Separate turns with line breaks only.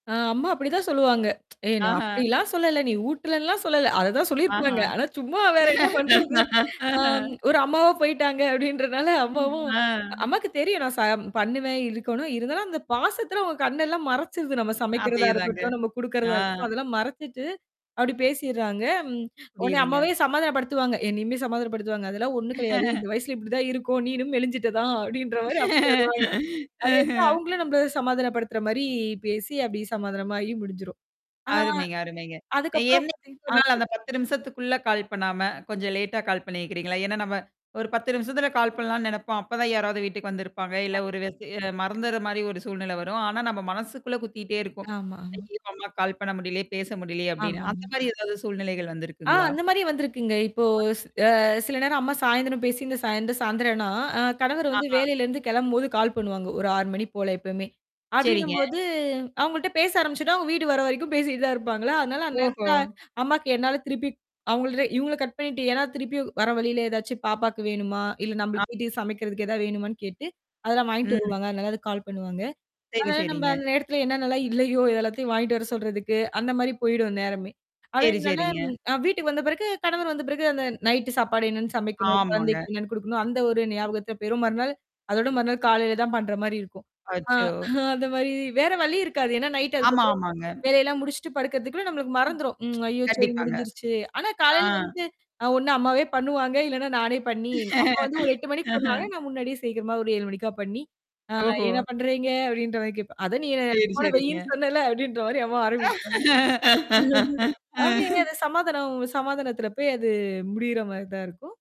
ஆ! அம்மா அப்படிதான் சொல்லுவாங்க. ஏ! நான்
ஆஹா!
அப்படிலாம் சொல்லல! நீ ஊட்டலன்லாம் சொல்லல. அததான் சொல்லியிருப்பாங்க.
ஆஹா!
ஆனா, சும்மா வேற என்ன பண்றது, ஆ ஒரு அம்மாவா போய்ட்டாங்க, அப்டின்றனால அம்மாவும்
ஆ.
அம்மாக்கு தெரியும். நான் ச பண்ணுவேன், இருக்கணும். இருந்தாலும் அந்த பாசத்தல அவங்க கண்ணெல்லாம் மறச்சிருது. நம்ம சமைக்கிறதா
அதேதாங்க.
இருக்கட்டும், நம்ம
ஆ.
குடுக்குறதா இருக்கட்டும் அதெல்லாம் மறச்சிட்டு, அப்படி பேசிறாங்க. ம். உடனே, அம்மாவே
புரியுதுங்க.
சமாதானப்படுத்துவாங்க. என்னையுமே சமாதானப்படுத்துவாங்க. அதெல்லாம் ஒண்ணும் கடையாது. இந்த வயசுல இப்படிதான் இருக்கும். நீணும் மெலிஞ்சிட்ட தான், அப்டின்ற மாரி அப்ப சொல்வாங்க. அதே தான், அவங்களும் நம்மள சமாதானப்படுத்துற மாரி பேசி அப்டி சமாதானமாகி முடிஞ்சுரும். ஆ.
அருமைங்க அருமைங்க.
அதுக்கப்புறம்
எனிக்காது
பாத்தீங்க
1 நாள்
[unintelligible]
அந்த 10 நிமிஷத்துக்குள்ள கால் பண்ணாம, கொஞ்சம் லேட்டா கால் பண்ணியிருக்கிறீங்களா. ஏன்னா, நம்ம ஒரு 10 நிமிஷத்துல கால் பண்ணலான்னு நெனைப்போம்! அப்ப தான் யாராவது வீட்டுக்கு வந்திருப்பாங்க. இல்ல ஒரு
கண்டிப்பா.
[unintelligible] மறந்துடுற மாரி ஒரு சூழ்நிலை வரும். ஆனா நம்ம மனசுக்குள்ள குத்திட்டே இருக்கும்.
ஆமாங்க.
ஐய்யோ! அம்மாக்கு கால் பண்ண முடியலியே பேச முடியலியே அப்டின்னு. அந்த
ஆமாங்க.
மாரி எதாவது சூழ்நிலைகள்
ஆஹ்,
வந்திருக்குங்களா?
அந்த மாரி வந்திருக்குங்க. இப்போ ஸ் அ சில நேரம் அம்மா சாயந்தரம் பேசிருந்து இந்த சாயந்திரம் சாயந்திரம்னா, அ கணவரு வந்து
ஆஹா!
வேலையிலேருந்து கிளம்பும்போது கால் பண்ணுவாங்க, ஒரு 6 மணி போல எப்பவுமே.
சேரிங்க.
அப்டின்னும்போது, அவங்கள்ட்ட பேச ஆரம்பிச்சதும், அவுங்க வீடு வர வரைக்கும் பேசிட்டு தான் இருப்பாங்களா! அதனால அந்த நேரத்துல
ஓஹோ!
அம்மாக்கு என்னால திருப்பி அவங்கள்ட்ட இவங்கள கட் பண்ணிட்டு, ஏன்னா திருப்பி வர வழியில ஏதாச்சும் பாப்பாக்கு வேணுமா? இல்ல
ஆ.
நம்மளுக்கு வீட்டுக்கு சமைக்கிறதுக்கு எதாவது வேணுமான்னு கேட்டு, அதெல்லாம் வாங்கிட்டு
ம்.
வருவாங்க. அதனால அதுக்கு கால் பண்ணுவாங்க.
சேரி,
அதுனால, நம்ம
சேரிங்க.
அந்த நேரத்துல என்னன்னலாம் இல்லையோ, அத எல்லாத்தையும் வாங்கிட்டு வர சொல்றதுக்கு, அந்த மாரி போயிடும் அந்த நேரமே.
சேரி,
அப்டிங்கனால
சேரிங்க.
வீட்டுக்கு வந்த பிறகு, கணவர் வந்த பிறகு, அந்த நைட் சாப்பாடு என்னென்னு சமைக்கணும்,
ஆமாங்க.
குழந்தைக்கு என்னன்னு குடுக்கணும் அந்த ஒரு ஞாபகத்துல போயிரும். மறுநாள் அதோட மறுநாள் காலையில தான் பண்ற மாரி இருக்கும். ஆ
அச்சோ!
அந்த மாரி வேற வழி இருக்காது. ஏன்னா நைட்
ஆமா,
அதுக்கப்பறம்
ஆமாங்க.
வேலையெல்லாம் முடிச்சுட்டு படுக்கறதுக்குள்ள நம்மளுக்கு
ம்.
மறந்துரும். ம். ஐய்யயோ! சரி
கண்டிப்பாங்க.
முடிஞ்சிருச்சு. ஆனா
ஆ.
காலையில வந்து அ ஒண்ணு அம்மாவே பண்ணுவாங்க, இல்லன்னா நானே பண்ணி அம்மா வந்து, ஒரு 8 மணிக்கு பண்ணுவாங்க. நான் முன்னாடியே சீக்கிரமா ஒரு 7 மணிக்கா பண்ணி, ஆ
ஓஹோ!
என்ன பண்றீங்க? அப்டின்ற மாரி கேட்பேன். அதான் நீ என்ன
சேரி,
ஃபோன வெயின்னு
சேரிங்க.
சொன்னேல அப்டின்ற மாரி அம்மா ஆரம்பிப்பாங்க. ம். அப்படியே அது சமாதானம் சமாதானத்தில போய் அது முடியிற மாரி தான் இருக்கும்.